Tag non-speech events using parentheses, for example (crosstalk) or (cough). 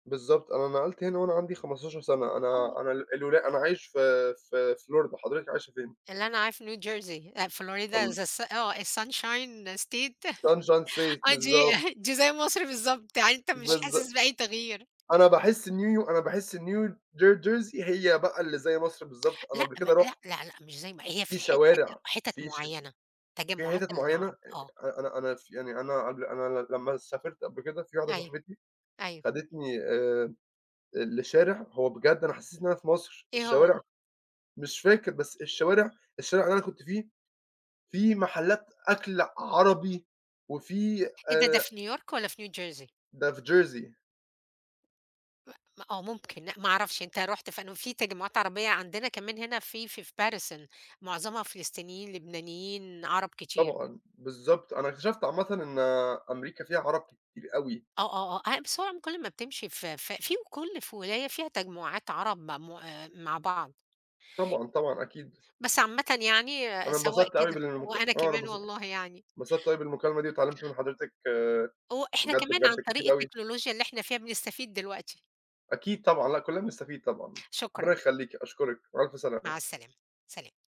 بالضبط. أنا نَقلت هنا وأنا عندي 15 سنة. (unintelligible) أنا أنا ال الولا أنا عايش في في في Florida، حضرتِك عايشة فين؟ اللي أنا أعرفه New jersey آآ، Florida is the ال s آه ?is sunshine state Sunshine (laughs) State. آه، دي بالضبط. (chuckles) دي زي مصر بالضبط، يعني أنت مش بالظ حاسس بأي تغيير. أنا باحس New Yo أنا باحس New J Jersey هي بقى اللي زي مصر بالضبط. (tsk) أنا لأ قبل م لأ. كده رُحت لأ، لأ مش زي ما هي في في الح حت شوارع، حِتت في ش في مُعينة، في تجمعات حِتَت مُعينة أ العرب، آه. أنا أنا أنا ف يعني أنا قبل، أنا ل لمّا سافرت قبل كده، في واحدة أيوه. صاحبتي أيوه. خدتني آآ ال لشارع، هو بجد أنا حسيت إن أنا في مصر، إيه هو؟ الشوارع مش فاكر بس الشوارع الشارع اللي أنا كنت فيه، فيه محلات أكْل عربي، وفيه إيه ده، ده آآ في New York والّا في New jersey؟ ده في Jersey. م م آه ممكن، لأ، ما أعرفش أنت رُحت في أنهو؟ فيه تجمعات عربية، عندنا كمان هنا في في Paterson معظمها فلسطينيين، لبنانيين، عرب كتير. طبعًا. بالضبط. أنا اكتشفت عامةً إن أمريكا فيها عرب كتير أوي. آه، آه، آه. آآ بس هو عم كل ما بتمشي ف ف فيه كل في ولاية فيها تجمعات عرب معمو آآ مع بعض. طبعًا، طبعًا، أكيد. بس عامةً يعني أنا سواء انبسطت أوي كده بالمكال وأنا آه، أنا كمان انبسطت والله يعني. انبسطت أوي بالمكالمة دي، واتعلّمت من حضرتِك هو إحنا بجد، كمان، عن بجد طريق كتير أوي. التكنولوجيا اللي إحنا فيها، بنستفيد دلوقتي. أكيد طبعًا، لأ كُلّنا بنستفيد طبعًا. ربّنا شكرًا. يخليكِ. أشكُرِك، بألْف سلامة. مع السلامة، سلام.